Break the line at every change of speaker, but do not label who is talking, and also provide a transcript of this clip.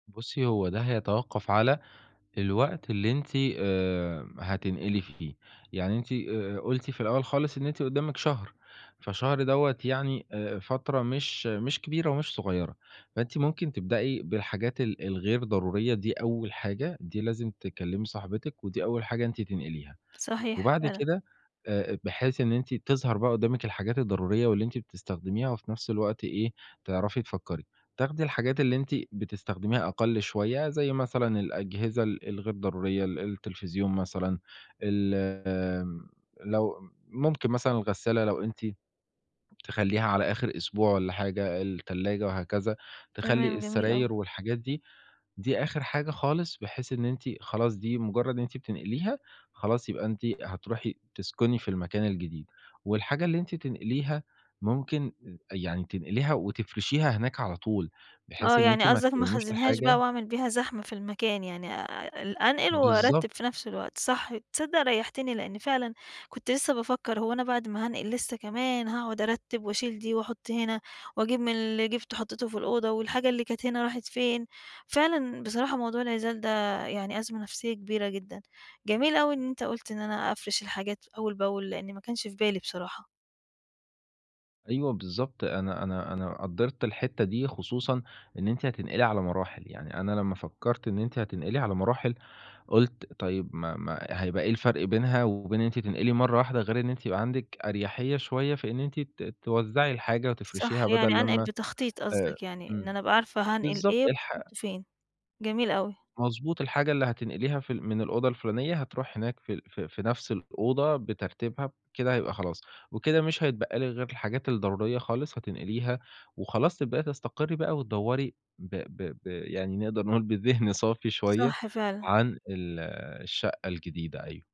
بُصّي، هو ده هيتوقّف على الوقت اللي أنتِ آآ هتنقلي فيه. يعني أنتِ آآ قُلتِ في الأول خالص إن أنتِ قُدّامِك شهر، فشهر دوّة يعني آآ فترة مش مش كبيرة ومش صغيرة، فأنتِ ممكن تبدأي بالحاجات ال الغير ضرورية دي أول حاجة دي لازم تكلّمي صاحبتِك ودي أول حاجة أنتِ تنقليها.
صحيح
وبعد
فعلًا.
كده آآ بحيث إن أنتِ تظهر بقى قُدّامِك الحاجات الضرورية واللي أنتِ بتستخدميها وفي نفس الوقت إيه، تعرفي تفكّري. تاخدي الحاجات اللي أنتِ بتستخدميها أقَل شوية زي مثلًا الأجهزة ال الغير ضرورية، ال التلفزيون مثلًا، الم لو ام ممكن مثلًا الغسّالة لو أنتِ تخلّيها على آخِر أسبوع ولا حاجة، التلاجة وهكذا. تخلّي
تمام، جميل أوي.
السراير والحاجات دي، دي آخِر حاجة خالص بحيث إن أنتِ خلاص دي مُجرّد إن أنتِ بتنقليها، خلاص يبقى أنتِ هتروحي تسكُني في المكان الجديد. والحاجة اللي أنتِ تنقليها ممكن يعني تنقليها وتفرشيها هناك على طول، بحيث
آه.
إن أنتِ
يعني
ما
قصدك ما
تكوِّميش
أخزّنهاش بقى
الحاجة.
وأعمل بيها زحمة في المكان، يعني أ ال أنقِل
بالضبط.
وأرتّب في نفس الوقت، صح تصدّق ريّحتِني لإنّي فعلًا كنت لسّه بافكّر هو أنا بعد ما هانقِل لسّه كمان هاقعد أرتّب وأشيل دي وأحُط هنا وأجيب من اللي جِبته وحطّيته في الأوضة والحاجة اللي كانت هنا راحت فين؟ فعلًا بصراحة موضوع العِزال ده يعني أزمة نفسية كبيرة جدًا. جميل أوي إن أنت قُلت إن أنا أفرِش الحاجات أول بأول، لإنّي ما كانش في بالي بصراحة.
أيوة بالضبط. أنا أنا أنا قدّرت الحتّة دي خصوصًا إن أنتِ هتنقلي على مراحل. يعني أنا لمّا فكّرت إن أنتِ هتنقلي على مراحل، قُلت طيب ما ما هيبقى إيه الفرق بينها وبين إن أنتِ تنقلي مرّة واحدة غير إن أنتِ يبقى عندك أريّحية شوية في إن أنتِ ت توزّعي الحاجة وتفرشيها
صح. يعني
بَدَل
أنقِل
لمّا
بتخطيط
آآ
قصدك يعني إن
إمم.
أنا أبقى عارفة هانقل
بالضبط.
إيه
الح
وفين؟ جميل أوي.
مضبوط، الحاجة اللي هتنقليها في ال من الأوضة الفلُانية هتروح هناك في في في نفس الأوضة بترتيبها بكده هيبقى خلاص. وكده مش هيتبقى لك غير الحاجات الضرورية خالص هتنقليها وخلاص تبدأي تستقرّي بقى وتدوّري ب ب ب يعني نقدر نقول بذِهن صافي شويّة
صحّ فعلًا.
عن ال الشقّة الجديدة أيوه.